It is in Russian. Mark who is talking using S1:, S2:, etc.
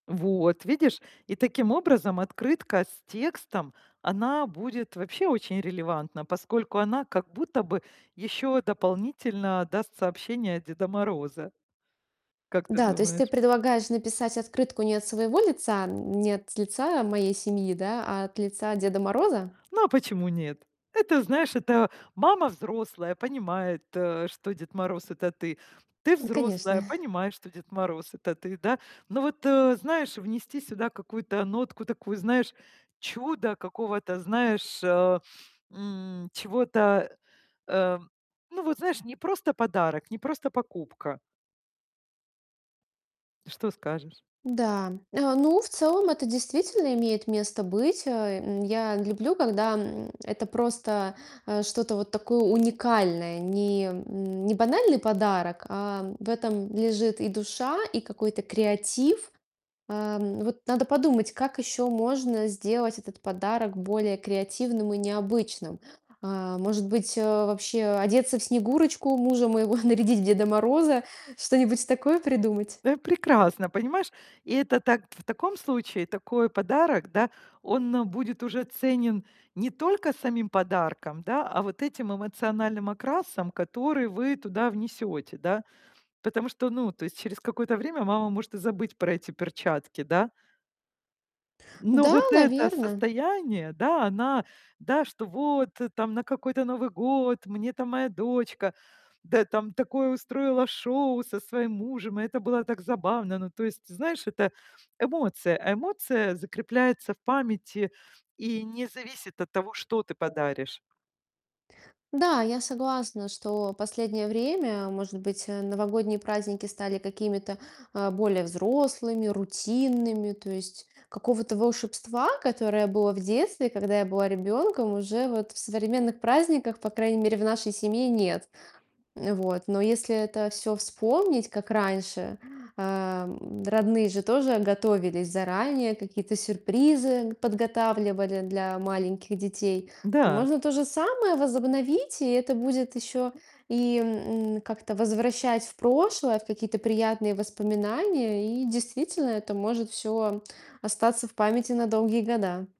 S1: Вот видишь. И таким образом, открытка с текстом, она будет вообще очень релевантна, поскольку она как будто бы ещё дополнительно даст сообщение от Деда Мороза. Как ты
S2: Да. То есть ты
S1: думаешь?
S2: предлагаешь написать открытку не от своего лица, не от лица моей семьи, да, а от лица Деда Мороза?
S1: Ну а почему нет? Это, знаешь, это мама взрослая, понимает, э, что Дед Мороз- это ты. Ты взрослая,
S2: Конечно.
S1: понимаешь, что Дед Мороз- это ты, да? Ну, вот, э, знаешь, внести сюда какую-то нотку такую, знаешь, чуда какого-то, знаешь, а, м, чего-то, э. Ну, вот, знаешь, не просто подарок, не просто покупка. Что скажешь?
S2: Да. А. Ну, в целом это действительно имеет место быть. Э, я люблю, когда, м, это просто, э, что-то вот такое уникальное, не м, не банальный подарок, а в этом лежит и душа, и какой-то креатив. А, вот надо подумать, как еще можно сделать этот подарок более креативным и необычным. А, может быть, вообще одеться в Снегурочку, мужа моего нарядить в Деда Мороза, что-нибудь такое придумать?
S1: Э, прекрасно, понимаешь? И это так в таком случае такой подарок, да, он будет уже ценен не только самим подарком, да, а вот этим эмоциональным окрасом, который вы туда внесёте, да? Потому что, ну, то есть через какое-то время мама может и забыть про эти перчатки, да? Но
S2: Да,
S1: вот это
S2: наверно.
S1: состояние, да, она, да, что вот там: на какой-то Новый год мне там моя дочка, да, там такое устроила шоу со своим мужем. И это было так забавно. Ну, то есть, знаешь, это эмоция, а эмоция закрепляется в памяти и не зависит от того, что ты подаришь.
S2: Да, я согласна, что последнее время, может быть, э, новогодние праздники стали какими-то, а, более взрослыми, рутинными. То есть какого-то волшебства, которое было в детстве, когда я была ребенком, уже вот в современных праздниках, по крайней мере, в нашей семье, нет. Вот. Но если это всё вспомнить, как раньше, э, родные же тоже готовились заранее, какие-то сюрпризы подготавливали для маленьких детей. То
S1: Да.
S2: можно то же самое возобновить, и это будет еще и, м, как-то возвращать в прошлое, в какие-то приятные воспоминания. И действительно, это может всё остаться в памяти на долгие года.